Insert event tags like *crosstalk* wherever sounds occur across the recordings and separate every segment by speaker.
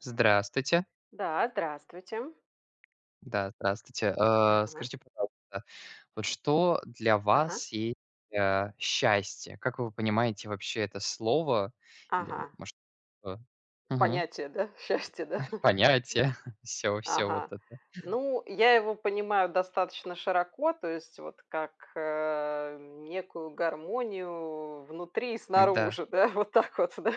Speaker 1: Здравствуйте.
Speaker 2: Да, здравствуйте.
Speaker 1: Да, здравствуйте. А,
Speaker 2: Ага.
Speaker 1: скажите, пожалуйста, вот что для
Speaker 2: Ага.
Speaker 1: вас есть, а, счастье? Как вы понимаете вообще это слово? Или,
Speaker 2: Ага.
Speaker 1: может, то, мгм.
Speaker 2: Понятие, да, счастья, да?
Speaker 1: *chuckles* Понятие? Всё всё вот
Speaker 2: Ага.
Speaker 1: это?
Speaker 2: Ну, я его понимаю достаточно широко, то есть вот как, э, некую гармонию внутри и
Speaker 1: М-да.
Speaker 2: снаружи, да, вот так вот, да.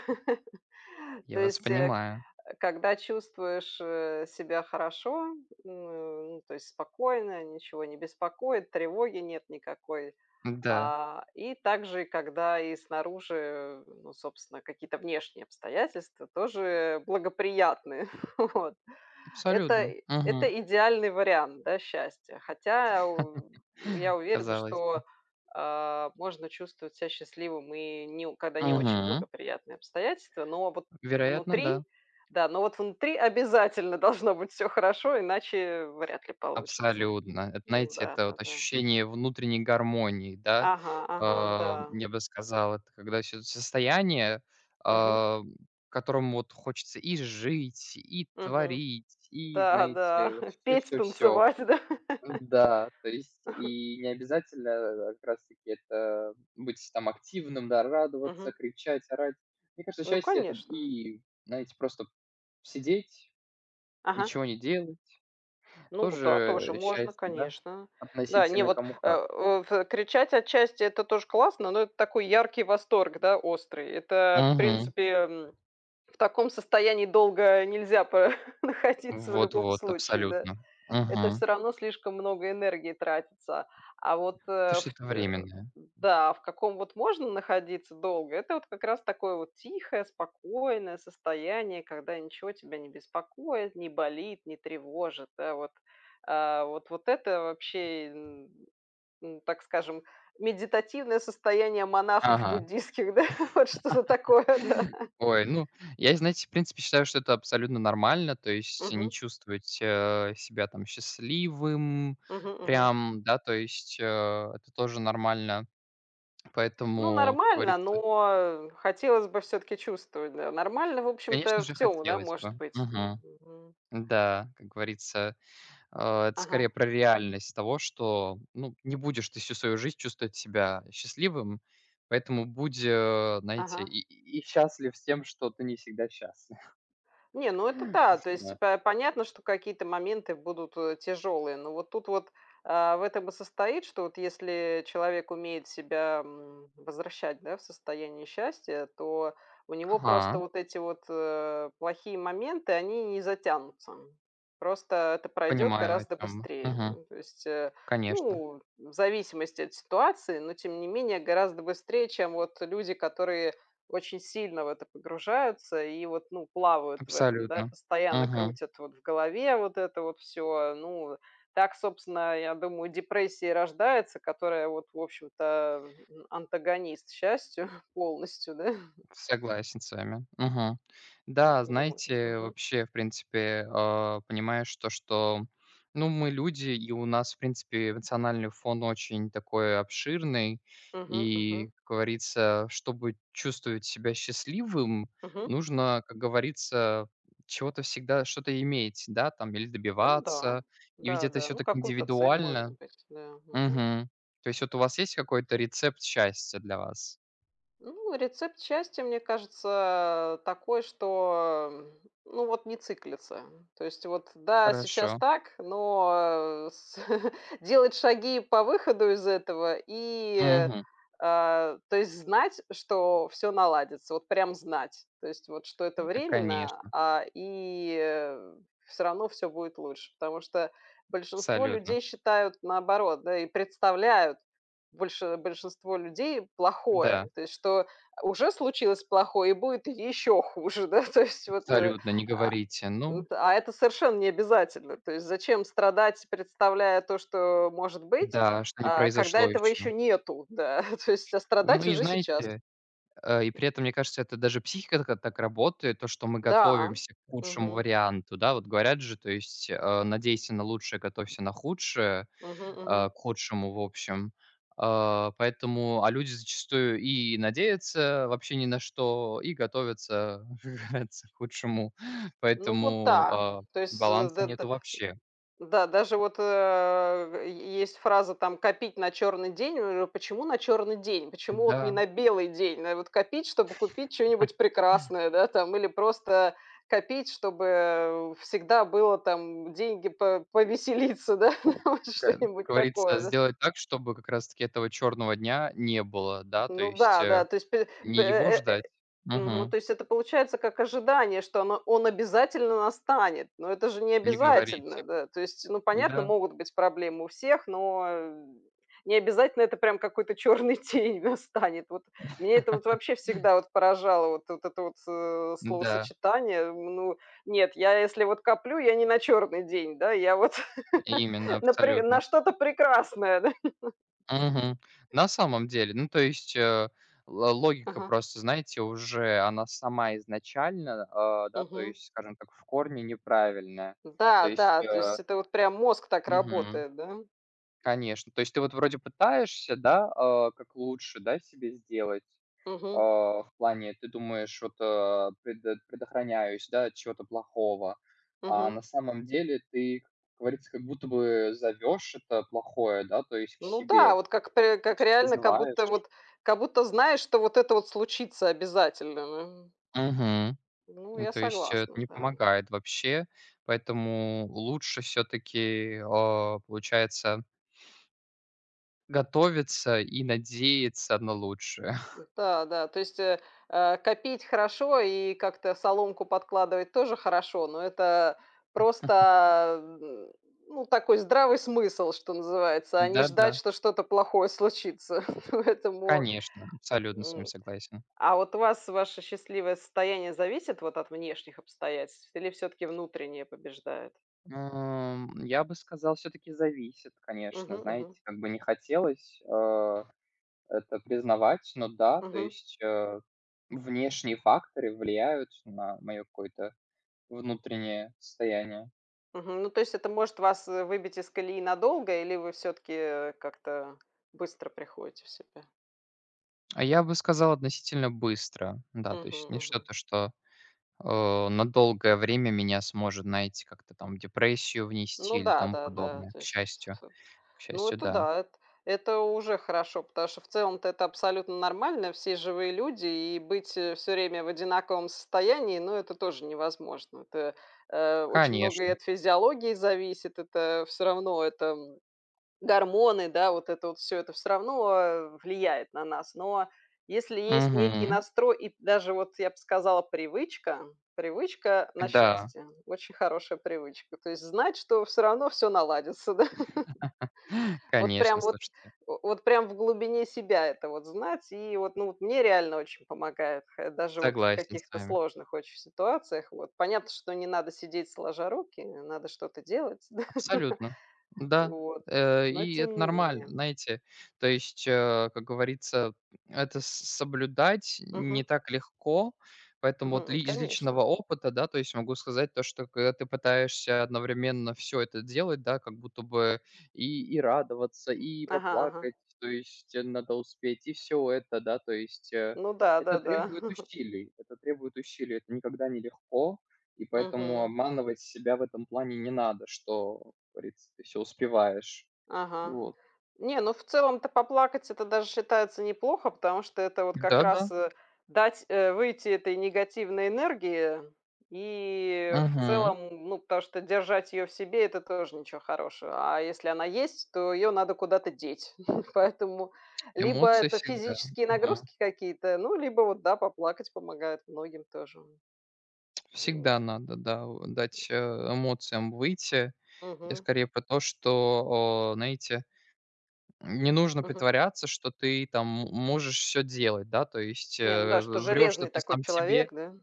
Speaker 2: То
Speaker 1: Я вас
Speaker 2: есть, э, к
Speaker 1: понимаю!
Speaker 2: когда чувствуешь, э, себя хорошо, э, ну, то есть спокойно, ничего не беспокоит, тревоги нет никакой,
Speaker 1: М-да.
Speaker 2: а, и также, когда и снаружи, ну, собственно, какие-то внешние обстоятельства тоже благоприятные. *chuckles* Вот. Это
Speaker 1: Абсолютно.
Speaker 2: и это
Speaker 1: Мгм.
Speaker 2: идеальный вариант, да, счастья, хотя у я
Speaker 1: *laughs*
Speaker 2: уверена,
Speaker 1: Казалось бы.
Speaker 2: что, а, можно чувствовать ся счастливым и не у когда не очень
Speaker 1: Мгм.
Speaker 2: благоприятные обстоятельства, но вот
Speaker 1: Вероятно,
Speaker 2: внутри
Speaker 1: да.
Speaker 2: да, но вот внутри обязательно должно быть всё хорошо, иначе вряд ли получится.
Speaker 1: Абсолютно! Это,
Speaker 2: Ну
Speaker 1: знаете,
Speaker 2: да,
Speaker 1: это
Speaker 2: да,
Speaker 1: вот
Speaker 2: да.
Speaker 1: ощущение внутренней гармонии, да?
Speaker 2: Ага ага.
Speaker 1: Ам,
Speaker 2: Да.
Speaker 1: я бы сказал, это когда всё это состояние,
Speaker 2: Мгм.
Speaker 1: ам, в котором вот хочется и жить, и
Speaker 2: Мгм.
Speaker 1: творить, и,
Speaker 2: Да да.
Speaker 1: знаете, вот всё
Speaker 2: Петь,
Speaker 1: всё всё.
Speaker 2: танцевать. Да?
Speaker 1: Н-да, то есть и необязательно, э э, как раз таки это быть там активным, да, радоваться,
Speaker 2: Мгм.
Speaker 1: кричать, орать. Мне кажется,
Speaker 2: Ну,
Speaker 1: счастье- это
Speaker 2: конечно.
Speaker 1: и, знаете, просто сидеть,
Speaker 2: Ага.
Speaker 1: ничего не делать-
Speaker 2: Ну вот да,
Speaker 1: тоже,
Speaker 2: тоже
Speaker 1: э,
Speaker 2: можно,
Speaker 1: счастье, да?
Speaker 2: конечно. Да, не
Speaker 1: Относительно,
Speaker 2: вот
Speaker 1: кому
Speaker 2: э
Speaker 1: как.
Speaker 2: о в кричать, отчасти это тоже классно, но это такой яркий восторг, да, острый, это, в
Speaker 1: Мгм.
Speaker 2: принципе, м, в таком состоянии долго нельзя понаходиться в
Speaker 1: Вот
Speaker 2: любом
Speaker 1: вот,
Speaker 2: случае, да.
Speaker 1: абсолютно.
Speaker 2: Это
Speaker 1: Мгм.
Speaker 2: всё равно слишком много энергии тратится, а вот,
Speaker 1: То,
Speaker 2: э, в
Speaker 1: что это
Speaker 2: тэ
Speaker 1: временное.
Speaker 2: да, а в каком вот можно находиться долго- это вот как раз такое вот тихое спокойное состояние, когда ничего тебя не беспокоит, не болит, не тревожит. Да, вот. А вот вот это вообще, и н н так скажем, медитативное состояние
Speaker 1: Ага!
Speaker 2: монахов
Speaker 1: *laughs*
Speaker 2: буддистских, да? Вот что-то такое. Да.
Speaker 1: Ой, ну Я, и знаете, в принципе, считаю, что это абсолютно нормально, то есть, и не
Speaker 2: Мгм.
Speaker 1: чувствовать, э, себя там счастливым,
Speaker 2: Мгм мгм.
Speaker 1: прям, да, то есть, э, это тоже нормально.
Speaker 2: Ну,
Speaker 1: Поэтому, как
Speaker 2: нормально,
Speaker 1: говорится
Speaker 2: но хотелось бы всё-таки чувствовать, да. Нормально, в
Speaker 1: Конечно
Speaker 2: общем-то,
Speaker 1: же
Speaker 2: всё, у, да,
Speaker 1: хотелось бы,
Speaker 2: может быть. На,
Speaker 1: мгм.
Speaker 2: мгм.
Speaker 1: М-да, как говорится, а, это скорее
Speaker 2: Ага.
Speaker 1: про реальность того, что, ну, не будешь ты всю свою жизнь чувствовать себя счастливым, поэтому будь, знаете,
Speaker 2: Ага.
Speaker 1: и и и счастлив с тем, что ты не всегда счастлив.
Speaker 2: Не, ну это
Speaker 1: *unintelligible* .
Speaker 2: та, то есть по понятно, что какие-то моменты будут, э, тяжелые, ну вот тут, а, в этом и состоит, что вот если человек умеет себя, м, возвращать, да, в состояние счастья, то у него просто
Speaker 1: Ага.
Speaker 2: вот эти вот, э, плохие моменты, они не затянутся. Просто это пройдет
Speaker 1: Понимаю, о
Speaker 2: гораздо
Speaker 1: чем мы,
Speaker 2: быстрее.
Speaker 1: мгм.
Speaker 2: М, то есть, э,
Speaker 1: Конечно.
Speaker 2: ну, в зависимости от ситуации, но тем не менее гораздо быстрее, чем вот люди, которые очень сильно в это погружаются и вот, ну, плавают в этом, да,
Speaker 1: Абсолютно,
Speaker 2: постоянно
Speaker 1: мгм.
Speaker 2: крутят вот в голове вот это вот всё. Ну так, собственно, я думаю, у депрессии и рождается, которая вот, в общем-то, антагонист счастью полностью, да.
Speaker 1: Согласен с вами. Мгм. Да,
Speaker 2: *unintelligible*
Speaker 1: знаете,
Speaker 2: .Мгм.
Speaker 1: вообще, в принципе, а, понимаешь то, что, ну, мы люди, и у нас, в принципе, эмоциональный фон очень такой обширный.
Speaker 2: Мгм,
Speaker 1: И,
Speaker 2: мгм.
Speaker 1: как говорится, чтобы чувствовать себя счастливым,
Speaker 2: Мгм.
Speaker 1: нужно, как говорится, чего-то всегда что-то иметь, да, там, или
Speaker 2: Ну да,
Speaker 1: добиваться. И ведь
Speaker 2: да
Speaker 1: это
Speaker 2: да.
Speaker 1: всё
Speaker 2: Ну,
Speaker 1: так
Speaker 2: какую-то цель, может
Speaker 1: индивидуально.
Speaker 2: быть. Да, мгм.
Speaker 1: Мгм. То есть, вот у вас есть какой-то рецепт счастья для вас?
Speaker 2: Ну, рецепт счастья, мне кажется, такой, что, ну, вот не циклиться. То есть вот, да, сейчас
Speaker 1: Хорошо.
Speaker 2: так, но, а, с *chuckles* делать шаги по выходу из этого и,
Speaker 1: Мгм.
Speaker 2: а то есть знать, что всё наладится. Вот прям знать. То есть вот, что это
Speaker 1: Та,
Speaker 2: временно,
Speaker 1: конечно.
Speaker 2: а, и всё равно всё будет лучше. Потому что большинство
Speaker 1: Абсолютно.
Speaker 2: людей считают наоборот, да, и представляют больше большинство людей плохое,
Speaker 1: Да.
Speaker 2: то есть что, э, уже случилось плохое и будет еще хуже. Да, то есть вот, э,
Speaker 1: Абсолютно, не
Speaker 2: а
Speaker 1: говорите, ну.
Speaker 2: а это совершенно не обязательно, то есть зачем страдать, представляя то, что может быть,
Speaker 1: Да, что не
Speaker 2: а, когда
Speaker 1: произошло
Speaker 2: этого
Speaker 1: ещё.
Speaker 2: еще нету, да, то есть, а,
Speaker 1: Ну,
Speaker 2: страдать
Speaker 1: и
Speaker 2: уже сейчас.
Speaker 1: знаете, э, и при этом, мне кажется, это даже психика так а, так работает, то, что мы
Speaker 2: Да.
Speaker 1: готовимся к худшему
Speaker 2: Мгм.
Speaker 1: варианту. Да, вот, говорят же, то есть, а, надейся на лучшее, готовься на худшее,
Speaker 2: Мгм,
Speaker 1: а,
Speaker 2: мгм.
Speaker 1: к худшему, в общем. А, поэтому, а, люди зачастую и надеются, вообще, ни на что, и готовятся *chuckles* нравится к худшему,
Speaker 2: Ну, вот
Speaker 1: поэтому,
Speaker 2: да,
Speaker 1: а,
Speaker 2: то есть с
Speaker 1: баланса
Speaker 2: дэ
Speaker 1: нету
Speaker 2: дэ
Speaker 1: вообще.
Speaker 2: да, даже вот а е есть фраза там: "Копить на черный день". У почему на черный день, почему вот не
Speaker 1: Н-да.
Speaker 2: на белый день? Надо вот копить, чтобы купить чё-нибудь
Speaker 1: *laughs*
Speaker 2: прекрасное, да, там или просто копить, чтобы всегда было там деньги по повеселиться, да, вот
Speaker 1: Как, как
Speaker 2: что-нибудь
Speaker 1: говорится,
Speaker 2: такое, да?
Speaker 1: сделать так, чтобы как раз таки этого черного дня не было, да? То
Speaker 2: Ну
Speaker 1: есть,
Speaker 2: да
Speaker 1: э
Speaker 2: да. То есть пль п
Speaker 1: не
Speaker 2: э,
Speaker 1: его
Speaker 2: э, э,
Speaker 1: ждать,
Speaker 2: э, мгм,
Speaker 1: мгм.
Speaker 2: то есть это получается как ожидание, что оно он обязательно настанет, но это же не
Speaker 1: Не говорите.
Speaker 2: обязательно, да. То есть, ну, понятно,
Speaker 1: Да.
Speaker 2: могут быть проблемы у всех, но не обязательно это прям какой-то черный день настанет. Вот меня это вот вообще
Speaker 1: *laughs*
Speaker 2: всегда вот поражало, вот вот это вот с, э
Speaker 1: М-да.
Speaker 2: словосочетание. М, ну нет, я, если вот коплю, я не на черный день, да, я вот *laughs*
Speaker 1: Именно
Speaker 2: на при
Speaker 1: абсолютно.
Speaker 2: на что-то прекрасное, да. *laughs*
Speaker 1: Мгм, на самом деле. Ну, то есть, э, ла логика
Speaker 2: Ага.
Speaker 1: просто, знаете, уже она сама изначально, а, да, то
Speaker 2: Мгм.
Speaker 1: есть, скажем так, в корне неправильная. То есть,
Speaker 2: Да-да, то
Speaker 1: э
Speaker 2: есть это вот прям мозг так
Speaker 1: Мгм.
Speaker 2: работает, да.
Speaker 1: Конечно. То есть ты, вот, вроде, пытаешься, да, а, как лучше, да, себе сделать,
Speaker 2: Мгм.
Speaker 1: а, в плане ты думаешь, вот, а, предот предохраняюсь, да, от чего-то плохого, а
Speaker 2: Мгм.
Speaker 1: на самом деле ты, как говорится, как будто бы зовешь это плохое, да, то есть к
Speaker 2: Ну да,
Speaker 1: себе.
Speaker 2: вот как пре
Speaker 1: То
Speaker 2: как
Speaker 1: есть
Speaker 2: реально, как
Speaker 1: призываешь
Speaker 2: будто вот как будто знаешь, что вот это вот случится обязательно, эм, м.
Speaker 1: Мгм,
Speaker 2: Ну,
Speaker 1: ну,
Speaker 2: я
Speaker 1: то есть это
Speaker 2: согласна,
Speaker 1: не
Speaker 2: да.
Speaker 1: помогает вообще, поэтому лучше всё-таки, а, получается готовиться и надеяться на лучшее.
Speaker 2: М-да, да, то есть, э, а, копить хорошо и как-то соломку подкладывать тоже хорошо, но это
Speaker 1: *chuckles*
Speaker 2: просто, м, ну, такой здравый смысл, что называется, а не
Speaker 1: Да,
Speaker 2: ждать,
Speaker 1: да.
Speaker 2: что что-то плохое случится. *chuckles* Поэтому,
Speaker 1: Конечно, абсолютно с вами
Speaker 2: м,
Speaker 1: согласен.
Speaker 2: а вот у вас ваше счастливое состояние зависит вот от внешних обстоятельств или всё-таки внутреннее побеждает?
Speaker 1: Ам, я бы сказал, всё-таки зависит,
Speaker 2: Мгм,
Speaker 1: конечно.
Speaker 2: мгм.
Speaker 1: Знаете, как бы не хотелось, а, это признавать, но да, то
Speaker 2: Мгм.
Speaker 1: есть, э, внешние факторы влияют на моё какое-то внутреннее состояние.
Speaker 2: Мгм, ну, то есть это может вас, э, выбить из колеи надолго или вы всё-таки, э, как-то быстро приходите в себя?
Speaker 1: Я бы сказал, относительно быстро, да, то есть
Speaker 2: Мгм,
Speaker 1: не
Speaker 2: мгм.
Speaker 1: что-то, что, о на долгое время меня сможет, знаете, как-то там в депрессию внести
Speaker 2: Ну
Speaker 1: или тому
Speaker 2: да-да-да,
Speaker 1: подобное.
Speaker 2: то
Speaker 1: К
Speaker 2: есть вс
Speaker 1: счастью,
Speaker 2: ф
Speaker 1: к
Speaker 2: ну,
Speaker 1: счастью,
Speaker 2: это
Speaker 1: да.
Speaker 2: да, эт это уже хорошо. Потому что в целом-то это абсолютно нормально: все живые люди, и быть всё время в одинаковом состоянии, ну, это тоже невозможно. Тэ э, очень многое
Speaker 1: Конечно.
Speaker 2: от физиологии зависит, это всё равно, это гормоны, да, вот это вот всё, это всё равно, э, влияет на нас. Но если есть некий
Speaker 1: Мгм.
Speaker 2: настрой, и даже вот, я бы сказала, привычка привычка на
Speaker 1: Да.
Speaker 2: счастье, очень хорошая привычка, то есть знать, что всё равно всё наладится, да.
Speaker 1: *laughs*
Speaker 2: *chuckles* Вот
Speaker 1: Конечно,
Speaker 2: прям вот
Speaker 1: слушайте.
Speaker 2: о вот прям в глубине себя это вот знать, и вот, ну, вот мне реально очень помогает, хе даже вот в
Speaker 1: Согласен с
Speaker 2: каких-то
Speaker 1: вами.
Speaker 2: сложных очень ситуациях. Вот, понятно, что не надо сидеть сложа руки, не надо что-то делать, *laughs* да,
Speaker 1: Абсолютно, да,
Speaker 2: вот,
Speaker 1: э,
Speaker 2: но
Speaker 1: и
Speaker 2: тем
Speaker 1: это
Speaker 2: не
Speaker 1: нормально,
Speaker 2: менее.
Speaker 1: знаете, то есть, э, как говорится, это с соблюдать не
Speaker 2: Мгм.
Speaker 1: так легко. Поэтому
Speaker 2: Мгм,
Speaker 1: вот ли
Speaker 2: м,
Speaker 1: из личного
Speaker 2: конечно.
Speaker 1: опыта, да, то есть могу сказать то, что когда ты пытаешься одновременно всё это делать, да, как будто бы и и радоваться, и
Speaker 2: Ага ага.
Speaker 1: поплакать. То есть, э, надо успеть и всё это, да, то есть, э,
Speaker 2: Ну
Speaker 1: это
Speaker 2: да-да-да.
Speaker 1: требует
Speaker 2: *chuckles*
Speaker 1: усилий это требует усилий, это никогда не легко. И поэтому
Speaker 2: Мгм.
Speaker 1: обманывать себя в этом плане не надо, что, как говорится, ты всё успеваешь.
Speaker 2: Ага,
Speaker 1: Вот.
Speaker 2: не, ну, в целом-то поплакать- это даже считается неплохо. Потому что это вот как
Speaker 1: Да да.
Speaker 2: раз, э, дать, э, выйти этой негативной энергии, и в
Speaker 1: Мгм.
Speaker 2: целом. Ну, потому что держать её в себе- это тоже ничего хорошего, а если она есть, то её надо куда-то деть. *chuckles* Поэтому либо
Speaker 1: Эмоции
Speaker 2: это
Speaker 1: всегда,
Speaker 2: физические
Speaker 1: мгм.
Speaker 2: нагрузки какие-то, ну, либо вот да, поплакать помогает многим тоже. Ну.
Speaker 1: Всегда надо, да, вот дать, э, эмоциям выйти. Я
Speaker 2: Мгм.
Speaker 1: скорее про то, что, о, знаете, м, не нужно
Speaker 2: Мгм.
Speaker 1: притворяться, что ты там, м можешь всё делать, да, то есть,
Speaker 2: Не, ну
Speaker 1: э,
Speaker 2: да, что
Speaker 1: в врёшь, то
Speaker 2: железный
Speaker 1: ты
Speaker 2: такой
Speaker 1: сам себе,
Speaker 2: человек, да.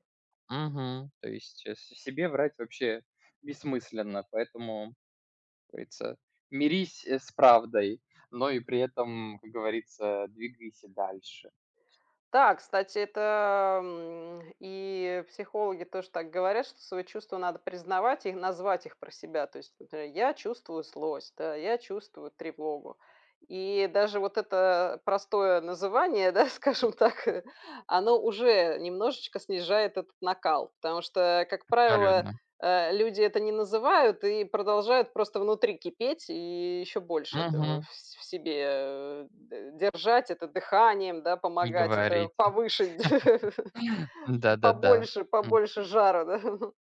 Speaker 1: мгм. То есть с себе врать вообще бессмысленно, поэтому, как говорится, мирись с правдой, но и при этом, как говорится, двигайся дальше.
Speaker 2: Да, кстати, это, м, и психологи тоже так говорят, что свои чувства надо признавать и назвать их про себя. То есть, например: "Я чувствую злость". Да, "Я чувствую тревогу". И даже вот это простое называние, да, скажем так. Оно уже немножечко снижает этот накал, потому что, как правило,
Speaker 1: Абсолютно.
Speaker 2: э, люди это не называют и продолжают просто внутри кипеть. И ещё больше этого
Speaker 1: Мгм.
Speaker 2: ф в себе, э, д держать, это дыханием, да,
Speaker 1: Не
Speaker 2: помогать, это
Speaker 1: говорите,
Speaker 2: повыше, *chuckles*
Speaker 1: *laughs* да-да-да,
Speaker 2: побольше
Speaker 1: м.
Speaker 2: побольше жара, да. *chuckles*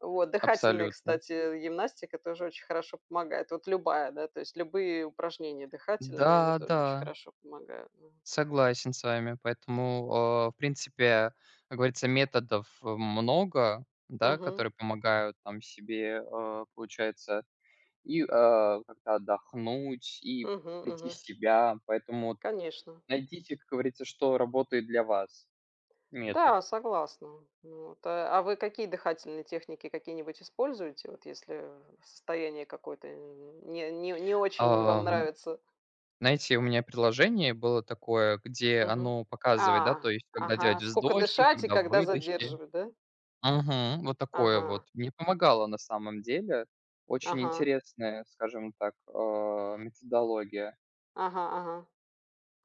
Speaker 2: Вот дыхательные,
Speaker 1: Абсолютно.
Speaker 2: кстати, гимнастика тоже очень хорошо помогает. Вот любая, да, то есть любые упражнения дыхательные, они
Speaker 1: Да
Speaker 2: тоже очень
Speaker 1: да.
Speaker 2: хорошо помогают, да.
Speaker 1: Согласен с вами. Поэтому, а, в принципе, как говорится, методов, э, много, да,
Speaker 2: Мгм.
Speaker 1: которые помогают там себе. Э, получается, и, а, как-то отдохнуть и
Speaker 2: Мгм,
Speaker 1: прийти в
Speaker 2: мгм.
Speaker 1: себя. Поэтому вот
Speaker 2: Конечно.
Speaker 1: найдите, как говорится, что работает для вас, метод.
Speaker 2: Да, согласна. Ну вот, а вы какие дыхательные техники какие-нибудь используете? Вот если в состояние какое-то н не не не очень вам
Speaker 1: Ам,
Speaker 2: нравится?
Speaker 1: знаете, у меня приложение было такое, где
Speaker 2: Мгм,
Speaker 1: оно
Speaker 2: а,
Speaker 1: показывает, да, то есть когда
Speaker 2: ага, а
Speaker 1: делать
Speaker 2: скока
Speaker 1: вздохи,
Speaker 2: дышать и
Speaker 1: когда
Speaker 2: когда
Speaker 1: выдохи.
Speaker 2: задерживать, да.
Speaker 1: Мгм, вот такое вот
Speaker 2: Ага.
Speaker 1: мне помогало, на самом деле, очень
Speaker 2: Ага.
Speaker 1: интересная, скажем так, а, методология.
Speaker 2: Ага, ага,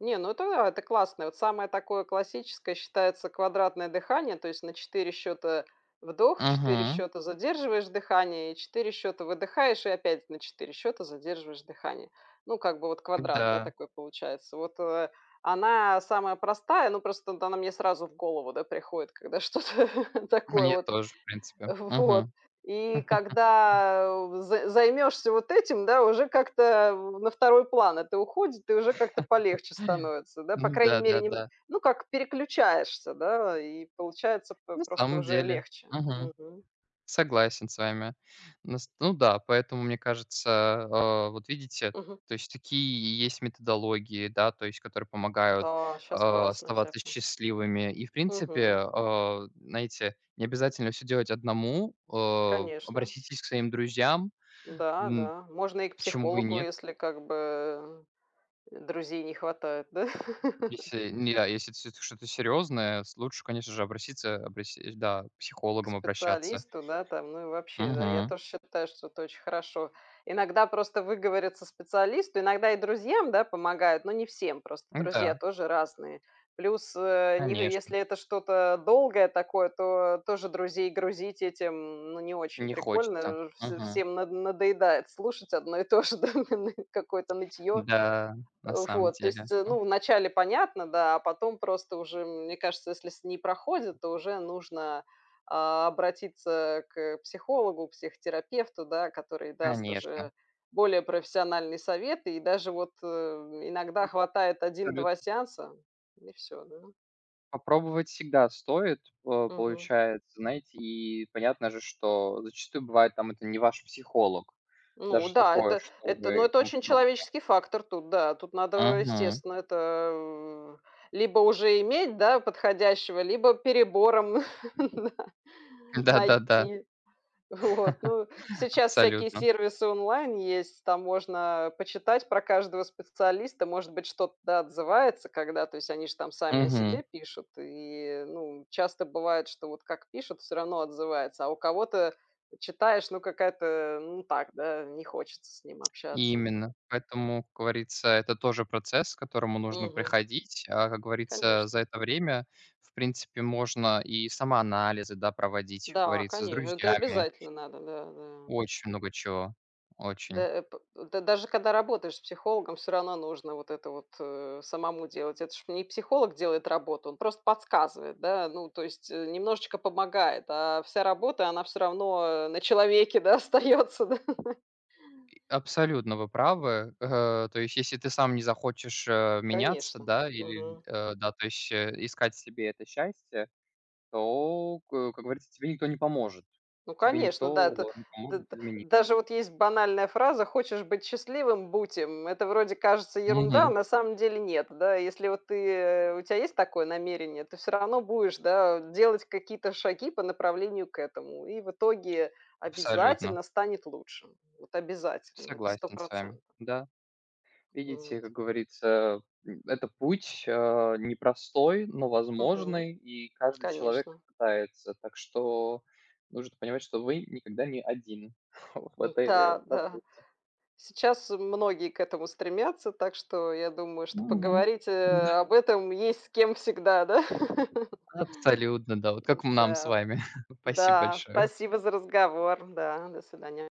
Speaker 2: не, ну, это это классно. Вот самое такое классическое считается квадратное дыхание, то есть на 4 счёта вдох, 4
Speaker 1: Мгм.
Speaker 2: счёта задерживаешь дыхание, и 4 счёта выдыхаешь и опять на 4 счёта задерживаешь дыхание. Ну, как бы вот квадрат, да,
Speaker 1: Да.
Speaker 2: такой получается. Вот, э, она самая простая, но просто вот она мне сразу в голову, да, приходит, когда что-то такое
Speaker 1: Мне
Speaker 2: вот.
Speaker 1: тоже, в принципе,
Speaker 2: В вот
Speaker 1: мгм.
Speaker 2: и
Speaker 1: *chuckles*
Speaker 2: когда з займешься вот этим, да, уже как-то, э, на второй план это уходит и уже как-то полегче
Speaker 1: *chuckles*
Speaker 2: становится, да, по крайней
Speaker 1: Да,
Speaker 2: мере,
Speaker 1: да,
Speaker 2: не, н
Speaker 1: да.
Speaker 2: ну, как переключаешься, да, и получается, п
Speaker 1: На
Speaker 2: просто
Speaker 1: самом
Speaker 2: уже
Speaker 1: деле,
Speaker 2: легче,
Speaker 1: мгм,
Speaker 2: мгм.
Speaker 1: согласен с вами. Ну, с ну да, поэтому мне кажется, а, вот видите,
Speaker 2: Мгм.
Speaker 1: то есть такие есть методологии, да. То есть, которые помогают,
Speaker 2: Да, щас
Speaker 1: а,
Speaker 2: классно
Speaker 1: оставаться
Speaker 2: всякое.
Speaker 1: счастливыми. И, в принципе,
Speaker 2: Мгм.
Speaker 1: а, знаете, не обязательно всё делать одному, э.
Speaker 2: Конечно.
Speaker 1: Обратитесь к своим друзьям,
Speaker 2: Да,
Speaker 1: м,
Speaker 2: да, можно и к
Speaker 1: почему бы и
Speaker 2: психологу,
Speaker 1: нет?
Speaker 2: если, как бы, э, друзей не хватает, да. *laughs*
Speaker 1: Если не а если это всё-таки что-то серьезное, с лучше, конечно же, обратиться, обра сь и, да, к
Speaker 2: К
Speaker 1: психологам обращаться.
Speaker 2: специалисту, да, там, ну, и вообще, да, я
Speaker 1: Мгм.
Speaker 2: тоже считаю, что это очень хорошо. Иногда просто выговориться специалисту иногда и друзьям, да, помогает, но не всем. Просто друзья
Speaker 1: Н-да.
Speaker 2: тоже разные. Плюс, э, ни г
Speaker 1: Конечно.
Speaker 2: если это что-то долгое такое, то тоже друзей грузить этим, ну, не очень
Speaker 1: Не хочется,
Speaker 2: прикольно. Вж
Speaker 1: мгм.
Speaker 2: всем над надоедает слушать одно и то же, да,, *unintelligible* какое-то нытьё.
Speaker 1: Да, на
Speaker 2: Э,
Speaker 1: самом
Speaker 2: вот, то
Speaker 1: деле,
Speaker 2: есть,
Speaker 1: о
Speaker 2: ну, вначале понятно, да, а потом просто уже, мне кажется, если с не проходит, то уже нужно, а, обратиться к психологу, к психотерапевту, да. Который даст
Speaker 1: Конечно.
Speaker 2: уже более профессиональные советы, и даже вот, э,
Speaker 1: Да,
Speaker 2: иногда хватает один
Speaker 1: абсолютно.
Speaker 2: два сеанса, и всё, да.
Speaker 1: Попробовать всегда стоит, по
Speaker 2: Мгм.
Speaker 1: получается. Знаете, и понятно же, что зачастую бывает, там, это не ваш психолог,
Speaker 2: Ну
Speaker 1: даже
Speaker 2: да,
Speaker 1: такое,
Speaker 2: это это, ну,
Speaker 1: чтобы и
Speaker 2: это
Speaker 1: тому
Speaker 2: очень
Speaker 1: подобное.
Speaker 2: человеческий фактор тут, да, тут надо,
Speaker 1: Мгм.
Speaker 2: естественно, это либо уже иметь, да, подходящего, либо перебором *laughs* на
Speaker 1: Да, да, да.
Speaker 2: найти. Вот, ну,
Speaker 1: *chuckles*
Speaker 2: сейчас всякие
Speaker 1: Абсолютно.
Speaker 2: сервисы онлайн есть, там можно почитать про каждого специалиста. Может быть, что-то отзывается, когда, то есть они ж там сами о
Speaker 1: Мгм.
Speaker 2: себе пишут и, ну, часто бывает, что вот как пишут, всё равно отзывается. А у кого-то читаешь, ну, какая-то, ну, так, да, не хочется с ним общаться.
Speaker 1: Именно, поэтому, как говорится, это тоже процесс, к которому нужно
Speaker 2: Мгм.
Speaker 1: приходить, а, как говорится, за
Speaker 2: Конечно.
Speaker 1: это время, в принципе, можно и самоанализы, да, проводить, как
Speaker 2: Да,
Speaker 1: говорится, с
Speaker 2: коне это
Speaker 1: друзьями.
Speaker 2: обязательно надо. Да, да.
Speaker 1: Очень много чего,
Speaker 2: Да,
Speaker 1: очень.
Speaker 2: э, по э, да даже когда работаешь с психологом, всё равно нужно вот это вот, э, самому делать. Это ж не психолог делает работу, он просто подсказывает, да, ну, то есть, э, немножечко помогает, а вся работа- она всё равно на человеке, да, остается, да. *laughs*
Speaker 1: И абсолютно вы правы, э, то есть если ты сам не захочешь, э, меняться,
Speaker 2: Конечно.
Speaker 1: да, или,
Speaker 2: Мгм.
Speaker 1: э, да, то есть, э, искать себе это счастье, то к, э, как говорится, тебе никто не поможет.
Speaker 2: Ну,
Speaker 1: Тебе
Speaker 2: конечно, да,
Speaker 1: никто
Speaker 2: это
Speaker 1: не
Speaker 2: д
Speaker 1: поможет
Speaker 2: д
Speaker 1: измени
Speaker 2: даже вот есть банальная фраза: хочешь быть счастливым- будь им. Это вроде, кажется, ерунда, а
Speaker 1: Мгм.
Speaker 2: на самом деле- нет. Да, если вот ты у тя есть такое намерение, ты всё равно будешь, да, делать какие-то шаги по направлению к этому, и в итоге
Speaker 1: Абсолютно.
Speaker 2: обязательно станет лучше, вот обязательно, это сто
Speaker 1: Согласен с вами.
Speaker 2: процентов.
Speaker 1: Да. Видите,
Speaker 2: Вот.
Speaker 1: как говорится, м, это путь, а, непростой, но
Speaker 2: Мгм.
Speaker 1: возможный, и каждый человек
Speaker 2: Конечно.
Speaker 1: пытается. Так что нужно понимать, что вы никогда не один *chuckles* вот в
Speaker 2: М,
Speaker 1: этой
Speaker 2: та да.
Speaker 1: работе.
Speaker 2: Сейчас многие к этому стремятся, так что, я думаю, что
Speaker 1: Мгм.
Speaker 2: поговорить, э,
Speaker 1: М-да.
Speaker 2: об этом есть с кем всегда, да? *laughs*
Speaker 1: Абсолютно, да, вот
Speaker 2: М,
Speaker 1: как м нам с
Speaker 2: да.
Speaker 1: вами. *chuckles* Спасибо
Speaker 2: Да.
Speaker 1: большое.
Speaker 2: Спасибо за разговор. Да. До свидания.